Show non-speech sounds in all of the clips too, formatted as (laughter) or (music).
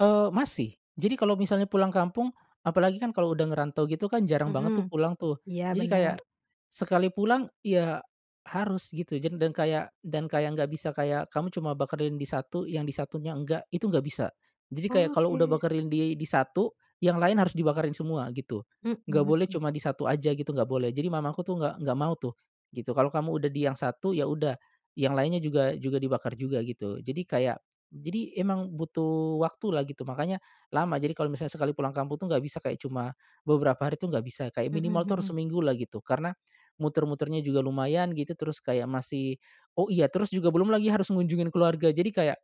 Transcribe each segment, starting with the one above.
Oh, masih. Jadi kalo misalnya pulang kampung, apalagi kan kalo udah ngerantau gitu kan jarang banget tuh Mhm. pulang tuh. Iya, Jadi kayak bener. sekali pulang ya harus gitu jan dan kayak dan kayak nggak bisa kayak kamu cuma bakarin di satu, yang di satunya enggak, itu nggak bisa. Jadi kayak kalau udah Oke. bakarin di di satu, yang lain harus dibakarin semua gitu. Mhm Nggak boleh mhm. cuma di satu aja gitu, nggak boleh. Jadi mamaku tuh nggak nggak mau tuh gitu. "Kalau kamu udah di yang satu ya udah, yang lainnya juga juga dibakar juga," gitu. Jadi kayak jadi emang butuh waktu lah gitu, makanya lama. Jadi kalau misalnya sekali pulang kampung tuh gak bisa kayak cuma beberapa hari tuh gak bisa, kayak Mhm minimal tuh harus mhm. seminggu lah gitu. Karena muter-muternya juga lumayan gitu, terus kayak masih oh, iya, terus juga belum lagi harus ngunjungin keluarga. Jadi kayak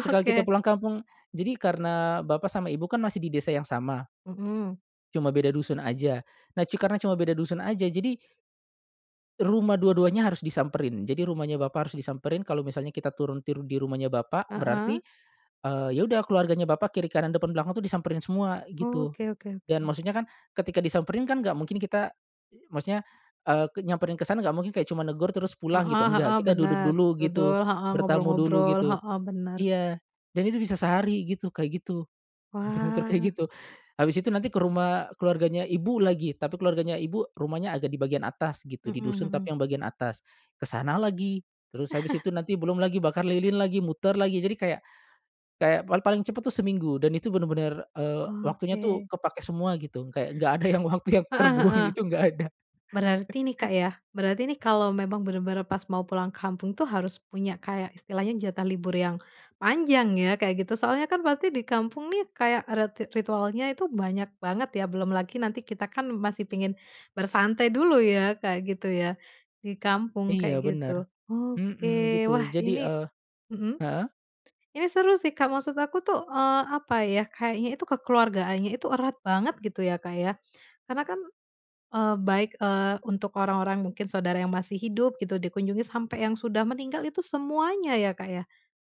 sekali kita Oke. pulang kampung jadi karena bapak sama ibu kan masih di desa yang sama Mhm. cuma beda dusun aja. Nah cu karena cuma beda dusun aja jadi rumah dua-duanya harus disamperin. Jadi rumahnya bapak harus disamperin kalo misalnya kita turun turun di rumahnya bapak, berarti, Heeh. eee, ya udah keluarganya bapak kiri kanan depan belakang tuh disamperin semua gitu. Oke oke Dan oke. maksudnya kan, ketika disamperin kan gak mungkin kita, i maksudnya, eee, ke nyamperin ke sana gak mungkin kayak cuma negur terus pulang gitu, Heeh enggak. heeh, Kita duduk bener. dulu gitu, Duduk, heeh, bertamu dulu ngobrol-ngobrol, gitu. heeh, bener. Iya, dan itu bisa sehari gitu, kayak gitu, muter-muter Wah. kayak gitu. Habis itu nanti ke rumah keluarganya ibu lagi, tapi keluarganya ibu rumahnya agak di bagian atas gitu, di Mhm dusun mhm. tapi yang bagian atas. Ke sana lagi, terus habis (chuckles) itu nanti belum lagi bakar lilin lagi, muter lagi. Jadi kayak kayak pal paling cepet tuh seminggu, dan itu bener-bener, eee, waktunya tuh Oke. kepake semua gitu. Kayak nggak ada yang waktu yang Heeh terbuang heeh. itu nggak ada. (chuckles) Berarti ni Kak yah, berarti ini kalau memang bener-bener pas mau pulang kampung tu harus punya kayak istilahnya jatah libur yang panjang ya kayak gitu. Soalnya kan pasti di kampung nih kayak adat ti ritualnya itu banyak banget ya, belum lagi nanti kita kan masih pingin bersantai dulu ya Kak, gitu ya, di kampung kayak Iya, bener. gitu. Mhm, Oke, gitu. wah Jadi, e ini mhm, heeh. ini seru sih Kak, maksud aku tuh, eee, apa ya, kayaknya itu kekeluargaannya itu erat banget gitu ya, Kak, ya. Karena kan, eee, baik, eee, untuk orang-orang mungkin saudara yang masih hidup gitu dikunjungi, sampai yang sudah meninggal, itu semuanya ya, Kak, ya?